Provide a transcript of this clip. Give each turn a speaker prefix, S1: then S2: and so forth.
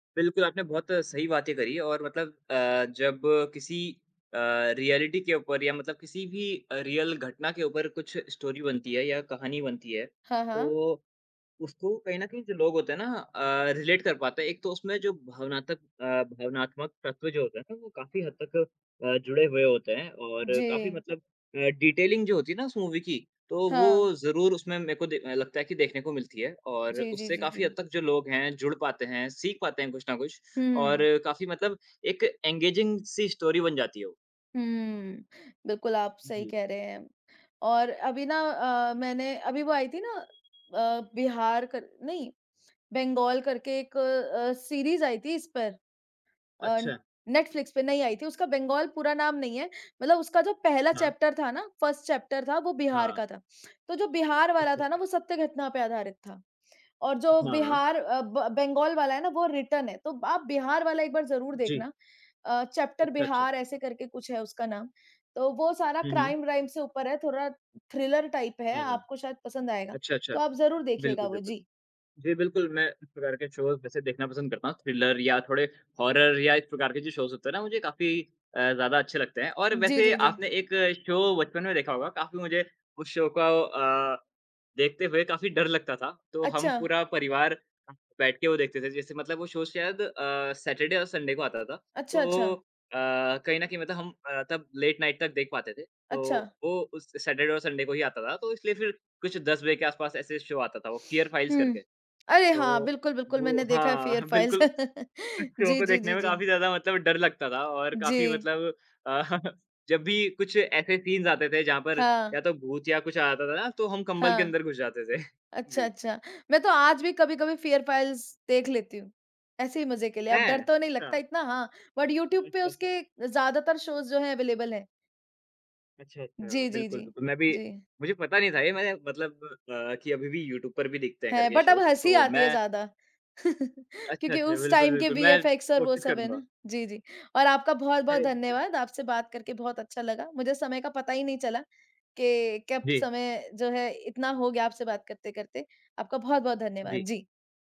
S1: बिल्कुल, आपने बहुत सही बातें करी, और मतलब अ, जब किसी अ, रिऐलिटी के ऊपर, या मतलब किसी भी अ, रियल घटना के ऊपर कुछ स्टोरी बनती है या कहानी बनती है,
S2: हाँ, हाँ।
S1: तो उसको कहीं न कहीं, जो लोग होते हैं ना अ, रिलेट कर पाते हैं। एक तो उसमें जो भावनातक अ, भावनात्मक तत्व जो होते हैं ना, वो काफ़ी हद तक अ, जुड़े हुए होते हैं और काफ़ी
S2: जी।
S1: मतलब अ, डिटेलिंग जो होती है ना, उस मूवी की, तो वो
S2: हाँ।
S1: ज़रूर उसमें मेरे को दे अ, लगता है कि देखने को मिलती है, और
S2: जी, जी,
S1: उससे
S2: जी,
S1: काफ़ी
S2: जी।
S1: हद तक, जो लोग हैं, जुड़ पाते हैं, सीख पाते हैं कुछ न कुछ,
S2: हुँ,
S1: और
S2: हुँ।
S1: काफ़ी मतलब एक एंगेजिंग सी स्टोरी बन जाती है वो।
S2: हुँ। बिल्कुल, आप सही
S1: जी।
S2: कह रहे हैं। और अभी ना अ, मैंने अभी वो आई थी ना अ, बिहार कर नहीं, बंगाल करके एक अ, सीरीज़ आई थी, इस पर अ,
S1: अच्छा।
S2: नेटफ्लिक्स पे नई आई थी। उसका बंगाल पूरा नाम नहीं है। मतलब उसका जो पहला
S1: हाँ।
S2: चैप्टर था ना, 1st चैप्टर था, वो बिहार
S1: हाँ।
S2: का था। तो जो बिहार वाला
S1: अच्छा,
S2: था ना,
S1: अच्छा।
S2: वो सत्य घटना पे आधारित था, और जो
S1: हाँ।
S2: बिहार अ, ब बंगाल वाला है ना, वो रिटर्न है। तो आप बिहार वाला एक बार ज़रूर
S1: जी।
S2: देखना। अ, चैप्टर
S1: अच्छा, अच्छा।
S2: बिहार, ऐसे करके कुछ है उसका नाम। तो वो सारा
S1: हुँ, हुँ।
S2: क्राइम व्राइम से ऊपर है, थोड़ा थ्रिलर टाइप है,
S1: हाँ, हाँ।
S2: आपको शायद पसंद आएगा।
S1: अच्छा, अच्छा।
S2: तो आप ज़रूर देखिएगा
S1: बिल्कुल,
S2: वो।
S1: बिल्कुल।
S2: जी।
S1: जी, बिल्कुल, मैं इस प्रकार के शोज़ वैसे देखना पसंद करता हूँ, थ्रिलर या थोड़े हॉरर या इस प्रकार के जो शोज़ होते हैं ना, मुझे काफ़ी अ, ज़्यादा अच्छे लगते हैं, और
S2: जी,
S1: वैसे
S2: जी, जी।
S1: आपने एक शो बचपन में देखा होगा। काफ़ी मुझे उस शो को अ, देखते हुए काफ़ी डर लगता था। तो हम
S2: अच्छा।
S1: पूरा परिवार [unintelligible] बैठ के वो देखते थे। जैसे मतलब वो शो शायद अ, सैटरडे और संडे को आता था।
S2: अच्छा,
S1: तो
S2: अच्छा।
S1: अ, कहीं न कहीं मतलब हम अ, तब लेट नाइट तक देख पाते थे। तो
S2: अच्छा।
S1: वो उस सैटरडे और संडे को ही आता था। तो इसलिए फिर कुछ 10 बजे के आसपास ऐसे शो आता था वो, फियर फ़ाइल्स
S2: हुँ।
S1: करके।
S2: अरे!
S1: तो
S2: हाँ, बिल्कुल, बिल्कुल,
S1: वो
S2: मैंने देखा है
S1: हाँ,
S2: फियर फ़ाइल्स।
S1: बिल्कुल, इस शो
S2: जी,
S1: को
S2: जी,
S1: देखने
S2: जी,
S1: में
S2: जी।
S1: काफ़ी ज़्यादा मतलब डर लगता था और काफ़ी
S2: जी।
S1: मतलब जब भी कुछ ऐसे सीन्स आते थे, जहाँ पर
S2: हाँ।
S1: या तो भूत या कुछ आता था ना, तो हम कंबल के
S2: हाँ।
S1: अंदर घुस जाते थे।
S2: अच्छा,
S1: जी।
S2: अच्छा। मैं तो आज भी कभी-कभी फियर फ़ाइल्स देख लेती हूँ, ऐसे ही मज़े के लिए। अब डर
S1: हैं!
S2: तो नहीं लगता
S1: अच्छा।
S2: इतना, हाँ, बट यूट्यूब पे
S1: अच्छा था।
S2: उसके ज़्यादातर शोज़ जो हैं, अवेलेबल हैं।
S1: अच्छा, अच्छा,
S2: जी, जी,
S1: बिल्कुल,
S2: जी।
S1: बिल्कुल, मैं भी
S2: जी।
S1: मुझे पता नहीं था, ये मैंने मतलब अ, कि अभी भी यूट्यूब पर भी दिखते हैं,
S2: है,
S1: करके
S2: बट अब
S1: शोज़।
S2: हँसी
S1: तो
S2: आती है
S1: मैं
S2: ज़्यादा।
S1: अच्छा,
S2: क्योंकि
S1: अच्छा।
S2: उस
S1: बिल्कुल,
S2: टाइम के
S1: बिल्कुल, मैं
S2: वीएफ़एक्स और वो
S1: कोशिश
S2: सब है
S1: करूँगा।
S2: ना, जी, जी। और आपका बहुत-बहुत
S1: [unintelligible]
S2: धन्यवाद, आपसे बात करके बहुत अच्छा लगा। मुझे समय का पता ही नहीं चला कि कब
S1: जी।
S2: समय जो है, इतना हो गया आपसे बात करते-करते। आपका बहुत-बहुत धन्यवाद।
S1: जी।
S2: जी।